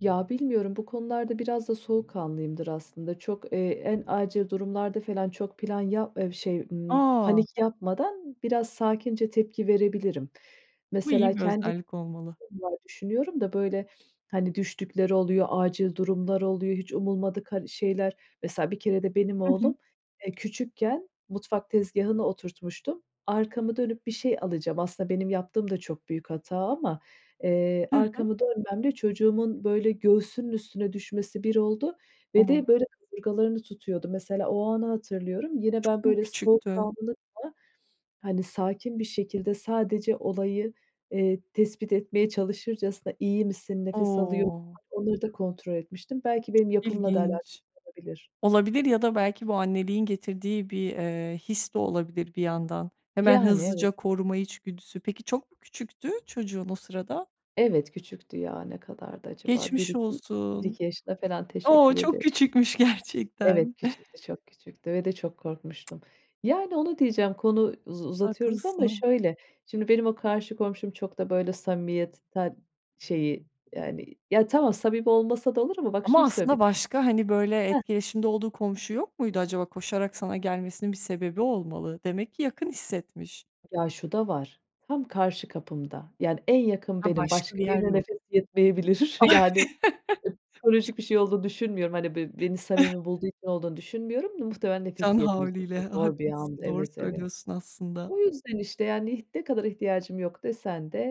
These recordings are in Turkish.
Ya, bilmiyorum bu konularda biraz da soğukkanlıyımdır aslında. Çok, eee, en acil durumlarda falan çok plan ya eee, şey, ımm, A! panik yapmadan biraz sakince tepki verebilirim. Bu Mesela iyi bir kendi özellik olmalı. [unintelligible] düşünüyorum da böyle, hani, düştükleri oluyor, acil durumlar oluyor, hiç umulmadık, hani, şeyler. Mesela bir kere de benim Hı oğlum, hı. eee, küçükken mutfak tezgahına oturtmuştum. Arkamı dönüp bir şey alacağım. Aslında benim yaptığım da çok büyük hata ama, eee, Hı hı. arkamı dönmemle çocuğumun böyle göğsünün üstüne düşmesi bir oldu ve O! de böyle kaburgalarını tutuyordu. Mesela o anı hatırlıyorum. Yine Çok ben mu böyle küçüktü? soğukkanlı falan, hani, sakin bir şekilde sadece olayı, eee, tespit etmeye çalışırcasına "İyi misin, nefes alıyor musun?" O. onları da kontrol etmiştim. Belki benim yapımla da alakası İlginç. olabilir. Olabilir ya da belki bu anneliğin getirdiği bir, eee, his de olabilir bir yandan. Hemen Yani, evet. hızlıca koruma içgüdüsü. Peki, çok mu küçüktü çocuğun o sırada? Evet, küçüktü ya, ne kadardı acaba? bir Geçmiş iki bir olsun. iki yaşında falan O, teşekkür çok ederim. küçükmüş Evet, gerçekten. küçüktü, çok küçüktü ve de çok korkmuştum. Yani onu diyeceğim, konu uz uzatıyoruz ama Haklısın. şöyle: Şimdi benim o karşı komşum çok da böyle samimiyetten, şeyi yani ya tamam, samimi olmasa da olur ama bak şunu Ama aslında söylemişti. başka, hani, böyle Hıh. etkileşimde olduğu komşu yok muydu acaba, koşarak sana gelmesinin bir sebebi olmalı? Demek ki yakın hissetmiş. Ya, şu da var, tam karşı kapımda, yani en yakın Ha, benim, başka bir başka yer birine yok. nefesi yetmeyebilir, Ah. yani ı psikolojik bir şey olduğunu düşünmüyorum. Hani, be beni samimi bulduğu için olduğunu düşünmüyorum. Muhtemelen nefes Can havliyle yetmeyecekti. Zor bir andı. haklısın, doğru Evet, evet. söylüyorsun aslında. O yüzden, işte, yani neh ne kadar ihtiyacım yok desen de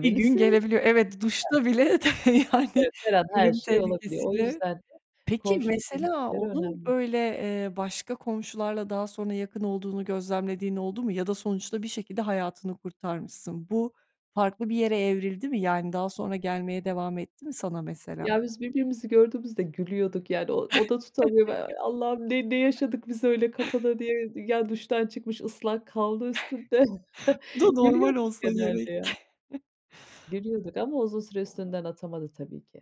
Bir gün gelebiliyor. Evet, Hah. duşta bile tabii, yani Evet, her an her ölüm şey olabiliyor. O tehlikesiyle. yüzden de Peki, komşuluk mesela ilişkileri onun önemli. böyle, eee, başka komşularla daha sonra yakın olduğunu gözlemlediğin oldu mu ya da sonuçta bir şekilde hayatını kurtarmışsın? Bu farklı bir yere evrildi mi? Yani daha sonra gelmeye devam etti mi sana mesela? Ya, biz birbirimizi gördüğümüzde gülüyorduk yani o o da tutamıyor be ııı. Allah'ım ne ne yaşadık biz öyle kapıda diye. Ya, duştan çıkmış ıslak kaldı üstünde Bu da normal gülüyorduk olsa genelde gerek. ya. Gülüyorduk ama uzun süre üstünden atamadı tabii ki.